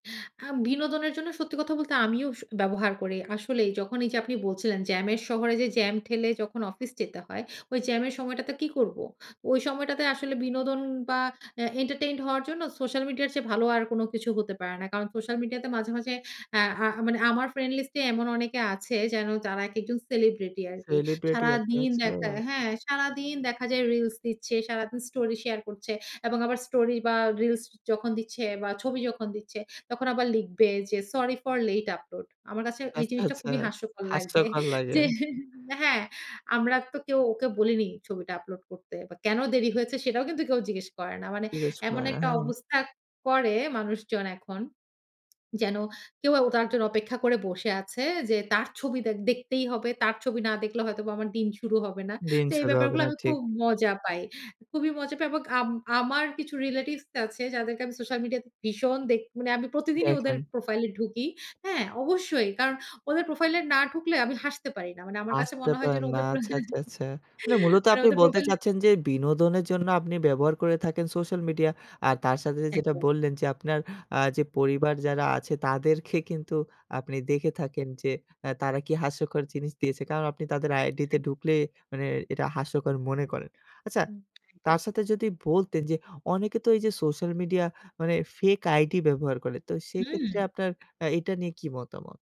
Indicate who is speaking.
Speaker 1: আ বিনোদনের জন্য সত্যি কথা বলতে আমিও স ব্যবহার করি। আসলেই যখন এই যে আপনি বলছিলেন জ্যামের শহরে যে জ্যাম ঠেলে যখন অফিস যেতে হয়, ঐ জ্যামের সময়টাতে কি করবো? ঐ সময়টাতে আসলে বিনোদন বা আ এন্টারটেইনড হওয়ার জন্য সোশ্যাল মিডিয়া এর চেয়ে ভালো আর কোন কিছু হতে পারে না। কারণ সোশ্যাল মিডিয়াতে মাঝে, মাঝে আ আ মানে আমার ফ্রেন্ড লিস্ট এ এমন অনেকে আছে যেন তারা একেকজন সেলিব্রিটি আরকি।
Speaker 2: সেলিব্রিটি আছে,
Speaker 1: সারাদিন
Speaker 2: আচ্ছা।
Speaker 1: দেখায় হ্যাঁ, সারাদিন দেখা যায় রিলস দিচ্ছে, সারাদিন স্টোরি শেয়ার করছে এবং আবার স্টোরি বা রিলস যখন দিচ্ছে বা ছবি যখন দিচ্ছে তখন আবার লিখবে যে, সরি ফর লেট আপলোড। আমার কাছে এই
Speaker 2: আচ্ছা,
Speaker 1: জিনিসটা
Speaker 2: আচ্ছা।
Speaker 1: খুবই হাস্যকর লাগে।
Speaker 2: হাস্যকর লাগে।
Speaker 1: যে হ্যাঁ, আমরা তো কেউ ওকে বলিনি ছবিটা আপলোড করতে। বা কেন দেরি হয়েছে সেটাও কিন্তু কেউ জিজ্ঞেস করে না। মানে
Speaker 2: জিজ্ঞেস
Speaker 1: এমন
Speaker 2: করে না,
Speaker 1: একটা
Speaker 2: হ্যাঁ, হ্যাঁ।
Speaker 1: অবস্থা করে মানুষজন এখন। যেন কেউ তার জন্য অপেক্ষা করে বসে আছে যে তার ছবি দে দেখতেই হবে। তার ছবি না দেখলে হয়তো বা আমার দিন শুরু হবে না।
Speaker 2: দিন
Speaker 1: তো এই
Speaker 2: শুরু হবে
Speaker 1: ব্যাপারগুলো
Speaker 2: না
Speaker 1: আমি
Speaker 2: ঠিক।
Speaker 1: খুব মজা পাই। খুবই মজা পাই এবং আম আমার কিছু রিলেটিভস আছে যাদেরকে আমি সোশ্যাল মিডিয়া তে ভীষণ দেখ মানে আমি প্রতিদিনই ওদের
Speaker 2: দেখেন।
Speaker 1: প্রোফাইল এ ঢুকি। হ্যাঁ, অবশ্যই। কারণ ওদের প্রোফাইল এ না ঢুকলে আমি হাসতে পারি না। মানে আমার কাছে
Speaker 2: হাঁসতে
Speaker 1: মনে হয় যেন
Speaker 2: পারেন না।
Speaker 1: ওদের প্র
Speaker 2: আচ্ছা, আচ্ছা, আচ্ছা। মানে মূলত
Speaker 1: মানে
Speaker 2: আপনি
Speaker 1: ওদের
Speaker 2: বলতে
Speaker 1: প্রোফাইলে
Speaker 2: চাচ্ছেন যে, বিনোদনের জন্য আপনি ব্যবহার করে থাকেন সোশ্যাল মিডিয়া আর তার সাথে যেটা
Speaker 1: একদমই।
Speaker 2: বললেন যে, আপনার আ যে পরিবার যারা আছে তাদেরকে কিন্তু আপনি দেখে থাকেন যে, অ্যাঁ তারা কি হাস্যকর জিনিস দিয়েছে। কারণ আপনি তাদের আইডিতে
Speaker 1: [unintelligible]
Speaker 2: ঢুকলে মানে এটা হাস্যকর মনে করেন। আচ্ছা
Speaker 1: হুম,
Speaker 2: তার
Speaker 1: একদম।
Speaker 2: সাথে যদি বলতেন যে অনেকে তো এই যে সোশ্যাল মিডিয়া মানে ফেক আইডি ব্যবহার করে। তো সেক্ষেত্রে
Speaker 1: হুম।
Speaker 2: আপনার আ এইটা নিয়ে কি মতামত?